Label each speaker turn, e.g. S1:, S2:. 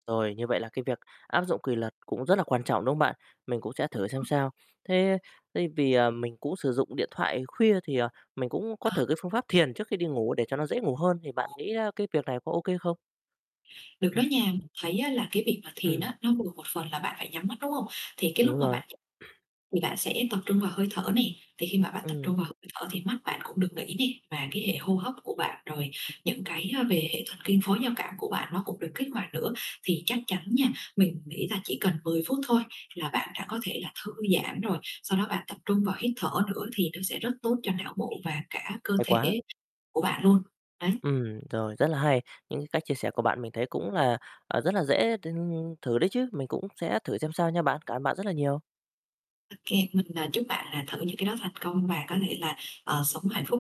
S1: Rồi, như vậy là cái việc áp dụng quỳ luật cũng rất là quan trọng, đúng không bạn? Mình cũng sẽ thử xem
S2: [unintelligible]
S1: sao. Thế thế vì, à, mình cũng sử dụng điện thoại khuya thì, ờ, mình cũng có
S2: Ờ.
S1: thử cái phương pháp thiền trước khi đi ngủ để cho nó dễ ngủ hơn, thì bạn
S2: [unintelligible]
S1: nghĩ, a, cái việc này có ô kê không?
S2: Được đó
S1: [unintelligible]
S2: nha. Mình thấy á là cái việc mà thiền
S1: Ừm.
S2: á, nó vừa một phần là bạn phải nhắm mắt, đúng hông? Thì cái
S1: Đúng
S2: lúc mà
S1: rồi.
S2: bạn [unintelligible] thì bạn sẽ tập trung vào hơi thở này, thì khi mà bạn tập trung
S1: Ừm.
S2: vào hơi thở thì mắt bạn cũng được nghỉ nè, và cái hệ hô hấp của bạn rồi những cái, a, về hệ thần kinh phối giao cảm của bạn nó cũng được kích hoạt nữa, thì chắc chắn nha, mình nghĩ là chỉ cần 10 phút thôi là bạn đã có thể là thư giãn rồi. Sau đó bạn tập trung vào hít thở nữa thì nó sẽ rất tốt cho não bộ và cả cơ
S1: Hay quá.
S2: thể của bạn luôn, đấy.
S1: Ừm, rồi, rất là hay, những cái cách chia sẻ của bạn mình thấy cũng là, à, rất là dễ t thử đấy chứ, mình cũng sẽ thử xem sao nha bạn. Cảm ơn bạn rất là nhiều.
S2: Ô kê, mình, ờ, chúc bạn là thử những cái đó thành công và có thể là, ờ, sống hạnh phúc.